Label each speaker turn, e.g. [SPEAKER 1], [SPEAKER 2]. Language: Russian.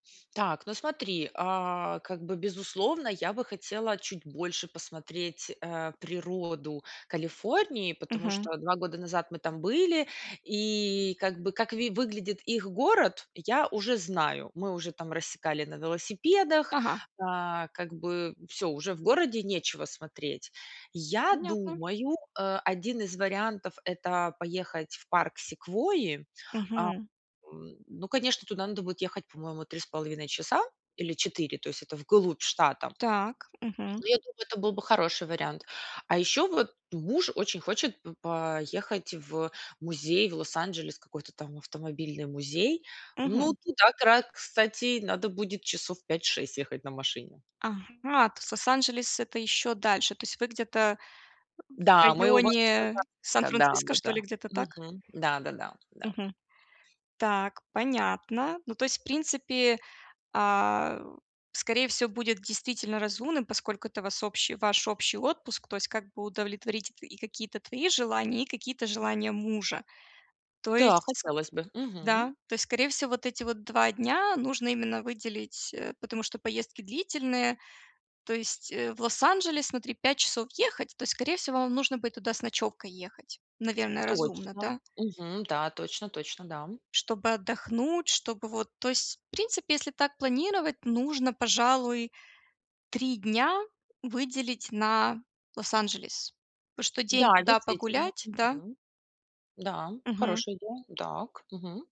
[SPEAKER 1] Так, ну смотри, а, как бы безусловно, я бы хотела чуть больше посмотреть, э, природу Калифорнии, потому
[SPEAKER 2] Мгм.
[SPEAKER 1] что 2 года назад мы там были и как бы как ви выглядит их город, я уже знаю. Мы уже там рассекали на велосипедах.
[SPEAKER 2] Ага.
[SPEAKER 1] А как бы всё: уже в городе нечего смотреть. Я
[SPEAKER 2] Понятно.
[SPEAKER 1] думаю, э, один из вариантов- это поехать в парк Секвойи. А,
[SPEAKER 2] Мгм.
[SPEAKER 1] м, ну конечно, туда надо будет ехать, по-моему, 3,5 часа или 4, то есть это вглубь штата.
[SPEAKER 2] Так. Мгм.
[SPEAKER 1] Ну я думаю, это был бы хороший вариант. А еще вот муж очень хочет п поехать в музей в Лос-Анджелес, какой-то там автомобильный музей. Ну,
[SPEAKER 2] Мгм.
[SPEAKER 1] туда, кра кстати, надо будет часов 5-6 ехать на машине.
[SPEAKER 2] Ага, то есть Лос-Анджелес- это еще дальше. То есть вы где-то, э, в
[SPEAKER 1] Да, мы возле
[SPEAKER 2] районе
[SPEAKER 1] Сан-Франциско,
[SPEAKER 2] Сан-Франциско, что
[SPEAKER 1] да-да-да.
[SPEAKER 2] ли? Где-то так?
[SPEAKER 1] Мгм, да-да-да. Да.
[SPEAKER 2] Мгм. Так, понятно. Ну то есть в принципе, а, скорее всего, будет действительно разумным, поскольку это вас общи ваш общий отпуск, то есть как бы удовлетворить т и какие-то твои желания, и какие-то желания мужа. То
[SPEAKER 1] Да,
[SPEAKER 2] есть,
[SPEAKER 1] хотелось бы. Мгм.
[SPEAKER 2] да. То есть, скорее всего, вот эти вот 2 дня нужно именно выделить, э, потому что поездки длительные. То есть, э, в Лос-Анджелес, смотри, 5 часов ехать, то скорее всего вам нужно будет туда с ночевкой ехать. Наверное, разумно,
[SPEAKER 1] Точно,
[SPEAKER 2] да?
[SPEAKER 1] мгм, да, точно точно, да, м.
[SPEAKER 2] Чтобы отдохнуть, чтобы вот то есть в принципе, если так планировать, нужно, пожалуй, 3 дня выделить на Лос-Анджелес. Потому что день
[SPEAKER 1] Да,
[SPEAKER 2] туда
[SPEAKER 1] действительно.
[SPEAKER 2] погулять, да?
[SPEAKER 1] Мгм. Да м,
[SPEAKER 2] Мгм.
[SPEAKER 1] хорошая идея, да к мгм.